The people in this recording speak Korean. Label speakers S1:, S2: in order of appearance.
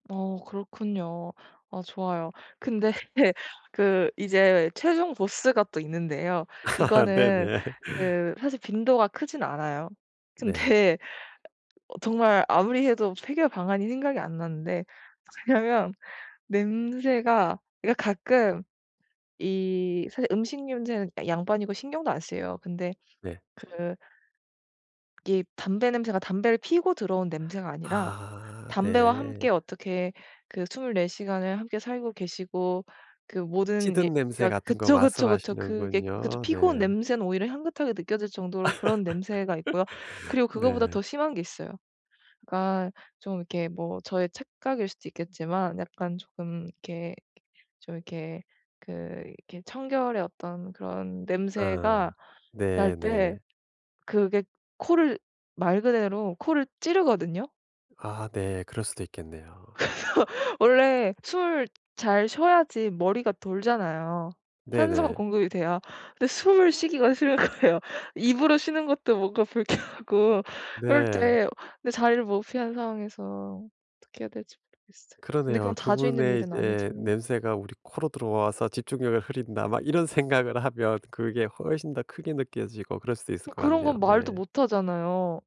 S1: 어. 그렇군요. 아 좋아요. 근데 그 이제 최종 보스가 또 있는데요. 이거는
S2: 네네.
S1: 그 사실 빈도가 크진 않아요.
S2: 네.
S1: 근데 어. 정말 아무리 해도 해결 방안이 생각이 안 나는데 [unintelligible] 냐면 냄새가 얘가 가끔 이 사실 음식 냄새는 그니까 양반이고 신경도 안 쓰여요. 근데
S2: 네.
S1: 그 이게 담배 냄새가 담배를 피우고 들어온 냄새가 아니라
S2: 아.
S1: 담배와
S2: 네.
S1: 함께 어떻게 그 24 시간을 함께 살고 계시고 그 모든 예.
S2: 찌든 냄새
S1: 그니까
S2: 같은 것
S1: 그쵸, 그쵸, 그쵸. 그게 그것도
S2: 말씀하시는군요.
S1: 피고 온
S2: 네.
S1: 냄새는 오히려 향긋하게 느껴질 정도로 그런 냄새가 있고요. 그리고 그거보다
S2: 네.
S1: 더 심한 게 있어요. 그니까 좀 이렇게 뭐 저의 착각일 수도 있겠지만 약간 조금 이렇게, 좀 이렇게 그 이렇게 청결의 어떤 그런
S2: 아.
S1: 냄새가 날
S2: 네. 네.
S1: 때 그게 코를 말 그대로 코를 찌르거든요.
S2: 아. 네. 그럴 수도 있겠네요.
S1: 그래서 원래 숨 잘 쉬어야지 머리가 돌잖아요. 산소가
S2: 네네.
S1: 공급이 돼야 근데 숨을 쉬기가 싫은 거예요. 입으로 쉬는 것도 뭔가 불쾌하고 그럴
S2: 네.
S1: 때 근데 자리를 못 피한 상황에서 어떻게 해야 될지 모르겠어요. 근데 그건
S2: 그러네요.
S1: 자주 있는
S2: 그분의
S1: 일은
S2: 이제
S1: 아니지만
S2: 냄새가 우리 코로 들어와서 집중력을 흐린다 막 이런 생각을 하면 그게 훨씬 더 크게 느껴지고 그럴 수도 있을
S1: 막
S2: 것
S1: 그런
S2: 같네요.
S1: 건 말도
S2: 네.
S1: 못하잖아요.